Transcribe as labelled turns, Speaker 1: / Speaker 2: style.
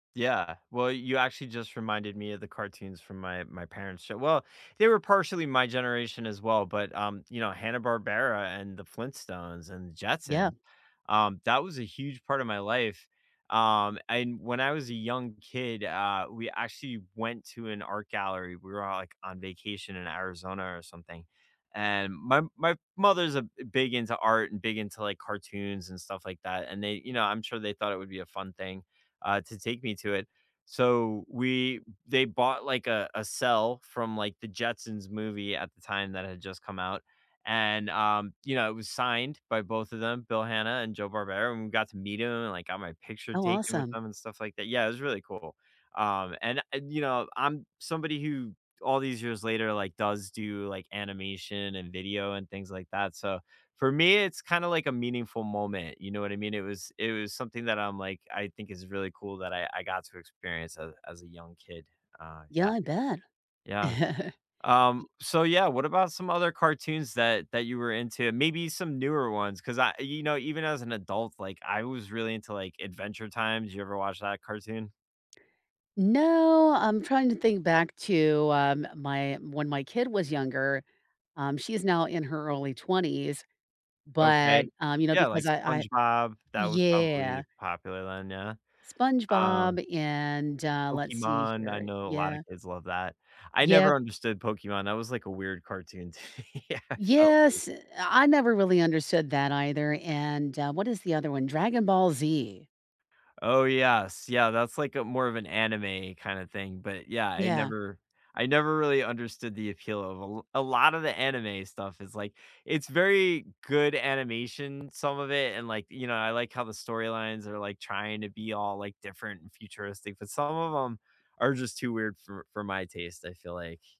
Speaker 1: Yeah. Well, you actually just reminded me of the cartoons from my my parent's show. Well, they were partially my generation as well, but, um, you know, Hanna-Barbera, and the Flintstones, and the
Speaker 2: Yeah.
Speaker 1: Jetsons, um, that was a huge part of my life, um, and when I was a young kid, uh, we actually went to an art gallery, we were all, like, on vacation in Arizona or something, and my my mother's a b big into art, and big into, like, cartoons, and stuff like that, and they you know, I'm sure they thought it would be a fun thing, uh, to take me to it, so we they bought, like, a a cell from, like, the Jetsons movie at the time that had just come out, and, um, you know, it was signed by both of them, Bill Hanna and Joe Barbera, and we got to meet 'em, and I got my picture
Speaker 2: Oh,
Speaker 1: taken with
Speaker 2: awesome.
Speaker 1: them, and stuff like that. Yeah, it was really cool. Um, and I'd you know, I'm somebody who all these years later, like, does do, like, animation, and video, and things like that, so, for me, it's kinda like a meaningful moment, you know what I mean? It was It was something that I'm like, I think is really cool that I I got to experience as as a young kid, uh,
Speaker 2: Yeah,
Speaker 1: yeah.
Speaker 2: I bet.
Speaker 1: Yeah, um,
Speaker 2: Y
Speaker 1: so yeah, what about some other cartoons that that you were into, maybe some newer ones, 'cause I, you know, even as an adult, like, I was really into, like, Adventure Time. Did you ever watch that cartoon?
Speaker 2: No, I'm trying to think back to, um, my when my kid was younger um, she's now in her early 20s, but,
Speaker 1: OK.
Speaker 2: um, you know,
Speaker 1: Yeah, like,
Speaker 2: because I I
Speaker 1: SpongeBob, that was
Speaker 2: Yeah.
Speaker 1: probably popular then, yeah. Um
Speaker 2: SpongeBob and, uh Let's see
Speaker 1: Pokemon, I
Speaker 2: here.
Speaker 1: know a lotta
Speaker 2: Yeah.
Speaker 1: kids love that. I
Speaker 2: Yep.
Speaker 1: never understood Pokemon, that was, like, a weird cartoon to me, I felt like
Speaker 2: Yes, uh, I never really understood that either, and, uh What is the other one? Dragon Ball Z.
Speaker 1: Oh yes, yeah, that's like a more of an anime kinda thing, but yeah, I
Speaker 2: Yeah.
Speaker 1: never I never really understood the appeal of a l A lot of the anime stuff is like it's very good animation, some of it, and, like, you know, I like how the storylines are, like, trying to be all, like, different and futuristic, but some of 'em are just too weird for for my taste, I feel like